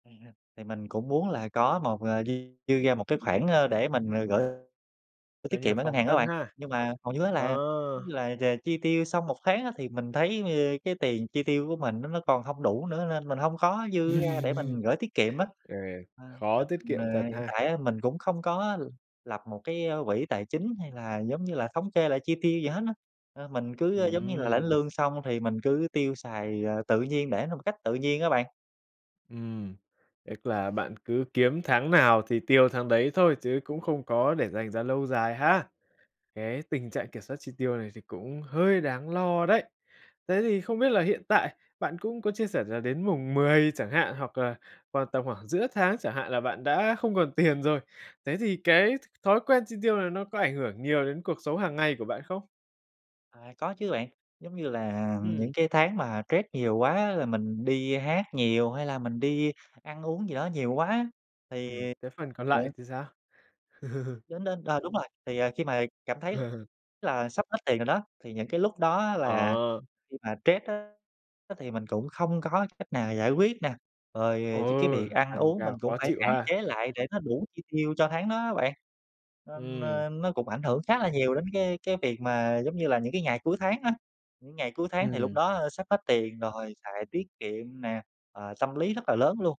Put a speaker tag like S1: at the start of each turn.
S1: Vậy hả? Thì mình cũng muốn là có một à, dư dư ra một cái khoản, a, để mình, à, gửi gửi
S2: Coi
S1: tiết
S2: như là
S1: kiệm ở ngân
S2: phòng
S1: hàng á
S2: thân
S1: bạn.
S2: ha,
S1: Nhưng mà hầu như á là giống
S2: ờ.
S1: như là chà chi tiêu xong một tháng á thì mình thấy, giống như, cái tiền chi tiêu của mình nó nó còn không đủ nữa, nên mình hông có dư ra để mình gửi tiết kiệm á.
S2: Ừ,
S1: Ờ,
S2: khó
S1: nên
S2: tiết
S1: mình
S2: kiệm
S1: à,
S2: thật
S1: hiện
S2: ha!
S1: tại á mình cũng không có l lập một cái, a, quỹ tài chính hay là giống như là thống kê lại chi tiêu gì hết á. Ờ, mình cứ giống như là lãnh
S2: Ừm.
S1: lương xong thì mình cứ tiêu xài, à, tự nhiên, để nó một cách tự nhiên á bạn.
S2: Ừm, tức là bạn cứ kiếm tháng nào thì tiêu tháng đấy thôi chứ cũng không có để dành ra lâu dài ha. Cái tình trạng kiểm soát chi tiêu này thì cũng hơi đáng lo đấy. Thế thì không biết là hiện tại bạn cũng có chia sẻ là đến mùng 10 chẳng hạn hoặc là vào
S1: Ừm.
S2: tầm khoảng giữa tháng chẳng hạn là bạn đã không còn tiền rồi. Thế
S1: Đúng
S2: thì
S1: rồi đó.
S2: cái th thói quen chi tiêu này nó có ảnh hưởng nhiều đến cuộc sống hàng ngày của bạn không?
S1: À, có chứ bạn. Giống như là
S2: Ừm.
S1: những cái tháng mà stress nhiều quá á là mình đi hát nhiều, hay là mình đi ăn uống gì đó nhiều quá á thì
S2: Ừm, cái phần còn
S1: ờ.
S2: lại thì sao?
S1: Đến đến, ờ, đúng rồi, thì, à, khi mà cảm thấy là sắp hết tiền rồi đó, thì những cái lúc đó á là
S2: Ờ.
S1: khi mà stress á thì mình cũng không có cách nào giải quyết nè.
S2: Ừ,
S1: Rồi chính cái việc ăn
S2: tăng
S1: uống mình
S2: ca
S1: cũng
S2: khó
S1: phải
S2: chịu
S1: hạn
S2: ha!
S1: chế lại để nó đủ chi tiêu cho tháng đó á bạn, nên,
S2: Ừm.
S1: a, nó cũng ảnh hưởng khá là nhiều đến cái cái việc mà giống như là những cái ngày cuối tháng á. Những ngày cuối tháng thì lúc
S2: Ừm.
S1: đó, a, sắp hết tiền rồi xài tiết kiệm nè, ờ, tâm lý rất là lớn luôn.